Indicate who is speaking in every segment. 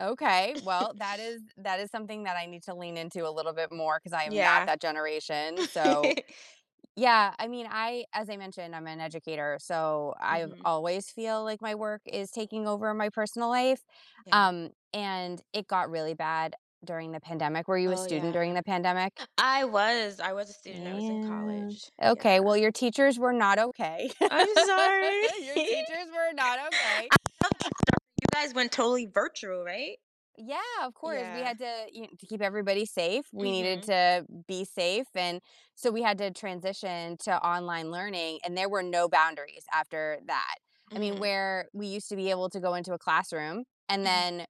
Speaker 1: Okay, well, that is that is something that I need to lean into a little bit more, 'cause I am not
Speaker 2: Yeah.
Speaker 1: that generation so Yeah, I mean, I As I mentioned, I'm an educator, so, I've
Speaker 2: Mhm.
Speaker 1: always feel like my work is taking over my personal life,
Speaker 2: Yeah.
Speaker 1: um, and, it got really bad during the pandemic. Were you a
Speaker 2: Oh,
Speaker 1: student during
Speaker 2: yeah.
Speaker 1: the pandemic?
Speaker 2: I was, I was a student, I was in
Speaker 1: Yeah.
Speaker 2: college. Yeah.
Speaker 1: Okay, well, your teachers were not okay.
Speaker 2: I'm sorry.
Speaker 1: Your teachers were not okay.
Speaker 2: [unintelligible] You guys went totally virtual, right?
Speaker 1: Yeah, of course, we
Speaker 2: Yeah.
Speaker 1: had to, you know, to keep everybody safe, we needed
Speaker 2: Mhm.
Speaker 1: to be safe, and so we had to transition to online learning, and there were no boundaries after that. I mean,
Speaker 2: Mhm.
Speaker 1: where we used to be able to go into a classroom, and
Speaker 2: Mhm.
Speaker 1: then,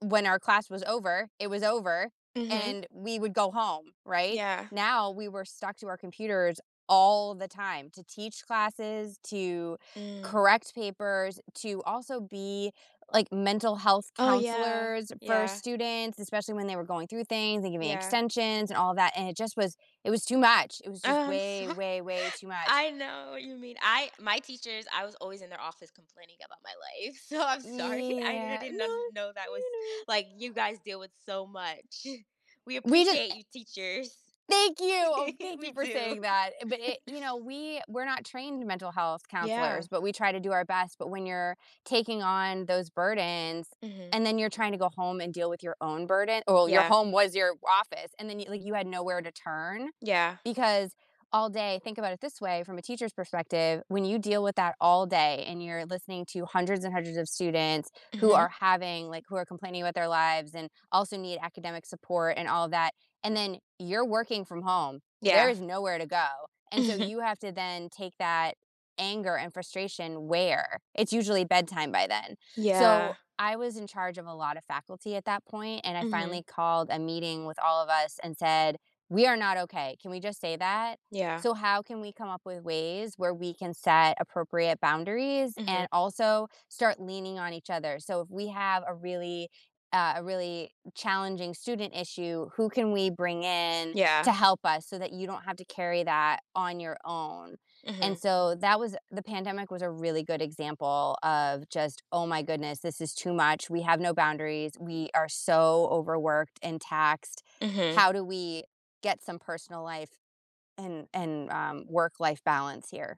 Speaker 1: when our class was over, it was over,
Speaker 2: Mhm.
Speaker 1: and we would go home, right?
Speaker 2: Yeah.
Speaker 1: Now we were stuck to our computers all the time to teach classes, to
Speaker 2: Mm.
Speaker 1: correct papers, to also be, like, mental health
Speaker 2: Oh, yeah.
Speaker 1: counselors for
Speaker 2: Yeah.
Speaker 1: students, especially when they were going through things and giving
Speaker 2: Yeah.
Speaker 1: extensions and all that, and it just was it was too much, it was just
Speaker 2: Oh, I'm so
Speaker 1: way, way, way too much.
Speaker 2: I know what you mean, I My teachers I was always in their office complaining about my life, so I'm sorry, I I
Speaker 1: Yeah
Speaker 2: didn't know
Speaker 1: No,
Speaker 2: know that was
Speaker 1: you know?
Speaker 2: Like you guys deal with so much. We
Speaker 1: We just
Speaker 2: appreciate
Speaker 1: e
Speaker 2: you, teachers.
Speaker 1: Thank you! Oh, thank
Speaker 2: We
Speaker 1: you for
Speaker 2: do.
Speaker 1: saying that e but e You know, we we're not trained mental health
Speaker 2: Yeah.
Speaker 1: counselors, but we try to do our best, but when you're taking on those burdens,
Speaker 2: Mhm.
Speaker 1: and then you're trying to go home and deal with your own burden Oh, your
Speaker 2: Yeah.
Speaker 1: home was your office and then you like, you had nowhere to turn,
Speaker 2: Yeah.
Speaker 1: because all day Think about it this way, from a teacher's perspective, when you deal with that all day and you're listening to hundreds and hundreds of students who are
Speaker 2: Mhm.
Speaker 1: having, like who are complaining about their lives and also need academic support and all of that, and then you're working from home, there
Speaker 2: Yeah.
Speaker 1: is nowhere to go, and so
Speaker 2: Mhm.
Speaker 1: you have to then take that anger and frustration where? It's usually bedtime by then. So,
Speaker 2: Yeah.
Speaker 1: I was in charge of a lot of faculty at that point, and I finally
Speaker 2: Mhm.
Speaker 1: called a meeting with all of us and said, "We are not okay, can we just say that?
Speaker 2: Yeah.
Speaker 1: So how can we come up with ways where we can set appropriate boundaries and
Speaker 2: Mhm.
Speaker 1: also start leaning on each other? So if we have a really, uh, a really challenging student issue, who can we bring in to
Speaker 2: Yeah.
Speaker 1: help us so that you don't have to carry that on your own?" and
Speaker 2: Mhm.
Speaker 1: so, that was a The pandemic was a really good example of just, "Oh my goodness, this is too much, we have no boundaries, we are so overworked and taxed.
Speaker 2: Mhm.
Speaker 1: How do we get some personal life and and, um, work life balance here?"